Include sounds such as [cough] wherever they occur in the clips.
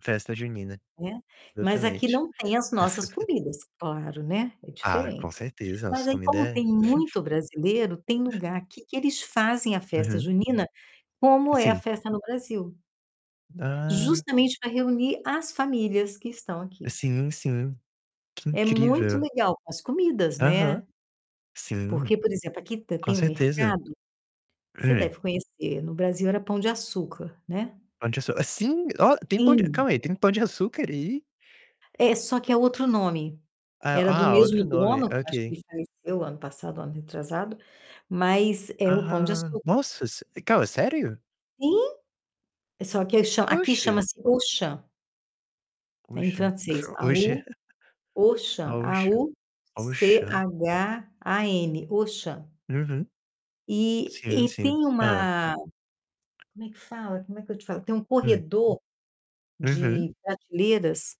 Festa junina. Né? Mas aqui Exatamente. não tem as nossas [laughs] comidas, claro, né. É Ah, com diferente. certeza, Mas nossa aí, comida como é tem [chuckles] muito brasileiro, tem lugar aqui que eles fazem a festa Uhum. junina, como é a Sim. festa no Brasil. Ah! Justamente pra reunir as famílias que estão aqui. Sim, sim. Que É muito incrível. legal para as comidas, Aham. né, Sim. porque, por exemplo, aqui t Com tem um certeza. mercado, você Hum. deve conhecer, no Brasil era Pão de Açúcar, né? Pão de açú sim, ó, tem Pão de Sim. calma aí, tem Pão de açúcar aí? É, só que é outro nome. Ah Era do ah, mesmo outro nome, dono, acho que ok. ele faleceu ano passado, ano retrasado, mas é o Pão de Ah! Açúcar. Nossa, se calma, é sério? Sim, só que cha aqui Oxe! chama-se Auchan. É em Auchan. francês, Oxe! A-U, [chuckles] Auchan, Auchan. Auchan? A-U-C-H-A-N, Auchan. Uhum. E Sim, e tem sim. Hã. uma como é que fala? Como é que eu te falo? Tem um Hum. corredor Uhum. de prateleiras,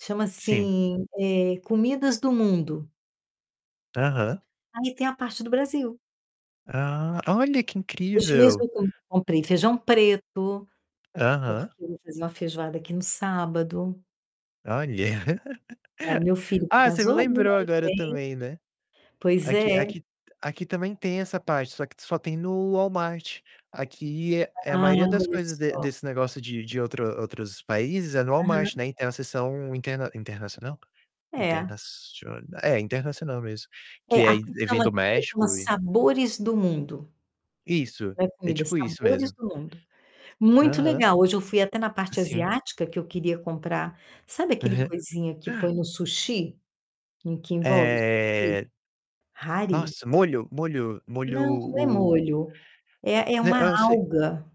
chama Sim. assim, eh, comidas do mundo. Aham. Aí tem a parte do Brasil. Ah, olha, que Hoje mesmo incrível. eu com comprei feijão preto, Aham. porque eu vou fazer uma feijoada aqui no sábado. Olha. [laughs] Pra meu filho que Ah, você me casou, né, lembrou aí agora vem também, né. Pois Aqui é. aqui aqui também tem essa parte, só que só tem no Walmart. Aqui é é a Ah, maioria das olha coisas de só. desse negócio de de outro outros países é no Walmart, Aham. né, tem a seção interna internacional? É. Internacion é, internacional mesmo, É, que é aqui eh, vem chama do aqui chama México e Sabores do Mundo. Isso, Não é é comida, tipo isso Sabores mesmo. do Mundo. Muito Aham. legal, hoje eu fui até na parte Sim. asiática, que eu queria comprar sabe aquele Uhum. coisinha que põe [chuckles] no sushi? Que que envolve o sushi? Eh Hare? nossa, molho, molho, Não, não é molho, molho, é é né, uma hã, se alga.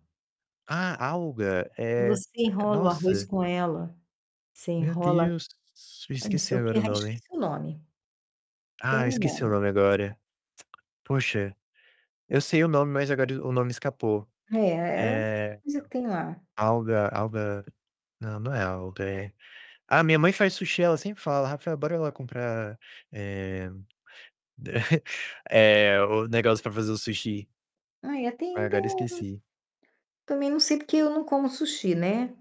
Ah, alga, Que eh, você enrola o arroz nossa. com ela, você Meu enrola, Deus, s não esqueci sei o quê, agora o ah, nome. esqueci o nome. Tem Ah, um esqueci o nome. nome agora. [clicks tongue] Poxa, eu sei o nome, mas agora o nome escapou. É é uma É coisa que tem lá. alga alga. Não, não é alga, é ah, minha mãe faz sushi, ela sempre fala: "Rafael, bora lá comprar, eh [chuckles] eh, o negócio pra fazer o sushi". Ai, tem Aí o tem agora o esqueci. Também não sei, porque eu não como sushi, né?